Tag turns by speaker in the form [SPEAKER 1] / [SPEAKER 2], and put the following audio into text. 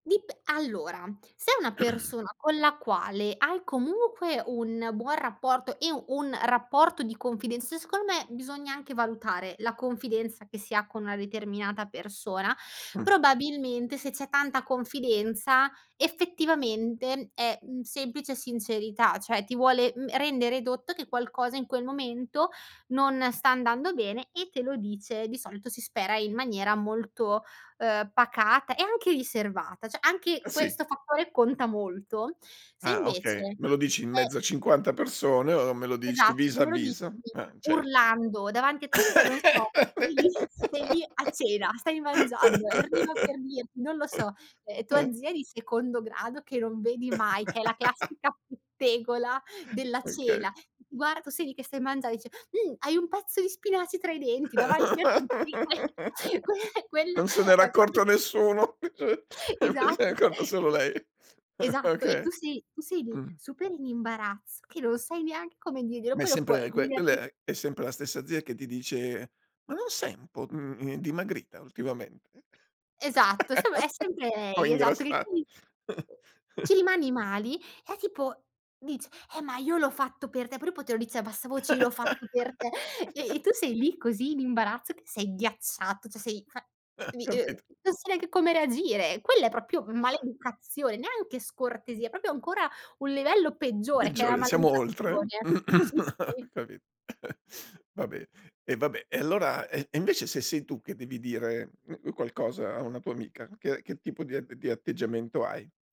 [SPEAKER 1] Dip allora, se è una persona con la quale hai comunque un buon rapporto e un rapporto di confidenza secondo me bisogna anche valutare la confidenza che si ha con una determinata persona;
[SPEAKER 2] Mh.
[SPEAKER 1] probabilmente, se c'è tanta confidenza, effettivamente è, mhmm, semplice sincerità; cioè ti vuole, uhm, rendere dotto che qualcosa in quel momento, non sta andando bene, e te lo dice, di solito si spera in maniera molto, ehm, pacata e anche riservata, cioè
[SPEAKER 2] Eh,
[SPEAKER 1] anche
[SPEAKER 2] si.
[SPEAKER 1] questo fattore conta molto. Se
[SPEAKER 2] Ah, okay
[SPEAKER 1] invece
[SPEAKER 2] me lo dici in
[SPEAKER 1] è
[SPEAKER 2] mezzo a 50 persone, o me lo dici
[SPEAKER 1] Esatto,
[SPEAKER 2] vis
[SPEAKER 1] se
[SPEAKER 2] a
[SPEAKER 1] me lo dici
[SPEAKER 2] vis. Eh, cer
[SPEAKER 1] urlando, davanti a tutti cioè non so, vai lì, stai lì a
[SPEAKER 2] [unintelligible]
[SPEAKER 1] cena, stai mangiando, e arriva per dirti non lo so, ehm,
[SPEAKER 2] Eh.
[SPEAKER 1] tua zia di secondo grado che non vedi mai, che è la classica pettegola della
[SPEAKER 2] Okay.
[SPEAKER 1] cena, g guar tu sei lì che stai mangiando, e dice: "Mhmm, hai un pezzo di spinaci tra i denti," davanti a tutti, que que quella
[SPEAKER 2] Non se n'era
[SPEAKER 1] è proprio
[SPEAKER 2] accorto nessuno, eh cioè se n'è
[SPEAKER 1] Esatto
[SPEAKER 2] accorto
[SPEAKER 1] cioè
[SPEAKER 2] solo
[SPEAKER 1] es
[SPEAKER 2] lei.
[SPEAKER 1] esatto e
[SPEAKER 2] Okay.
[SPEAKER 1] tu sei tu sei lì,
[SPEAKER 2] Mh.
[SPEAKER 1] super in imbarazzo, che non sai neanche come diglielo,
[SPEAKER 2] Ma è
[SPEAKER 1] quello puoi
[SPEAKER 2] sempre que quella
[SPEAKER 1] [unintelligible]
[SPEAKER 2] è è sempre la stessa zia che ti dice: "Ma non sei un po', mhmm, ehm, dimagrita ultimamente?"
[SPEAKER 1] Esatto, seme è sempre
[SPEAKER 2] O
[SPEAKER 1] lei, esatto che
[SPEAKER 2] ingrassa
[SPEAKER 1] [unintelligible] ci rimani mali, e tipo dice: "Eh, ma io l'ho fatto per te," però poi poi te lo dice a bassa voce: "Io l'ho fatto per te;" e tu sei lì, così in imbarazzo che sei ghiacciato, cioè sei fa [unintelligible]
[SPEAKER 2] Capito.
[SPEAKER 1] non sai neanche anche come reagire. Quella è proprio maleducazione, neanche scortesia, è proprio ancora un livello peggiore che è la
[SPEAKER 2] Peggiore, siamo oltre.
[SPEAKER 1] maleducazione. Sì, sì.
[SPEAKER 2] Ho capito. Vabbè, e vabbè, e allora e e invece se sei tu, che devi dire, mh mhmm, qualcosa a una tua amica, che che tipo di a di atteggiamento hai?